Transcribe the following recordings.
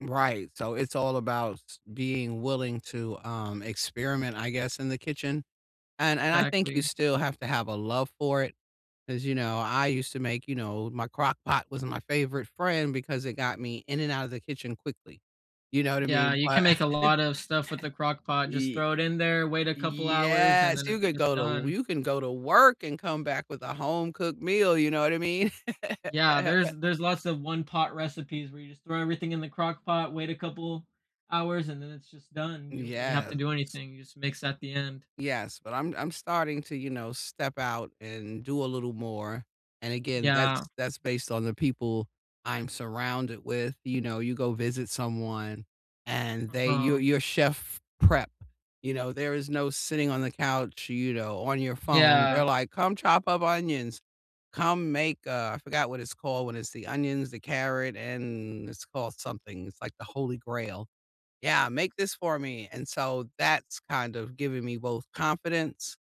Right. So, it's all about being willing to, um, experiment, I guess, in the kitchen, and and I think you Exactly. still have to have a love for it. As you know, I used to make, you know my crockpot was my favorite friend because it got me in and out of the kitchen quickly. You know what I Yeah. mean? You can But make a lot of stuff with the crockpot. Just Ye throw it in there, wait a couple hours, and Yes. then You it's could just go to w done. you can go to work and come back with a home cooked meal. You know what I mean? Yeah. There's there's lots of one-pot recipes where you just throw everything in the crockpot, wait a couple hours, and then it's just done. You don't really have to Yes. do anything. You just mix at the end. Yes, but I'm I'm starting to, you know, step out and do a little more, and again Yeah. that's that's based on the people I'm surrounded with, you know, you go visit someone and they Uh-huh. you're you're chef prep. You know there is no sitting on the couch you know on your phone. Yeah. They're like, "Come chop up onions, come make" uh, I forgot what it's called when it's the onions, the carrot and it's called something- it's like the holy grail. Yeah, "Make this for me," and so that's kind of giving me both confidence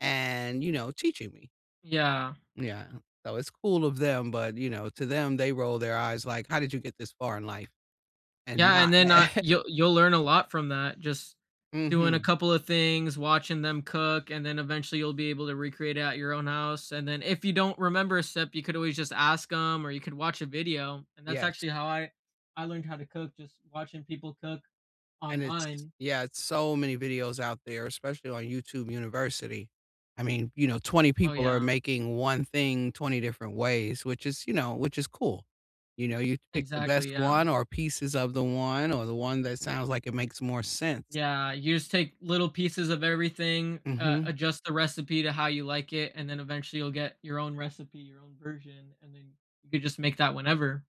and, you know, teaching me. Yeah. Yeah, so it's cool of them, but, you know, to them they roll their eyes like, "How did you get this far in life, and Yeah, not" and then I you'll you'll learn a lot from that. Just doing a Mhm. couple a things, watching them cook, and then eventually, you'll be able to recreate it at your own house, and then, if you don't remember a step, you could always just ask 'em or you could watch a video, and that's Yes. actually how I I learned how to cook- just watching people cook And it's, online. yeah, it's so many videos out there, especially on YouTube University. I mean, you know, 20 Oh, people are yeah. making one thing 20 different ways, which is, you know, which is cool. You know, you pick the best Exactly. Yeah. one or pieces of the one or, the one that sounds like it makes more sense. Yeah. You just take little pieces of everything, uh, Mhm. adjust the recipe to how you like it, and then eventually, you'll get your own recipe, your own version, and then you could just make that whenever.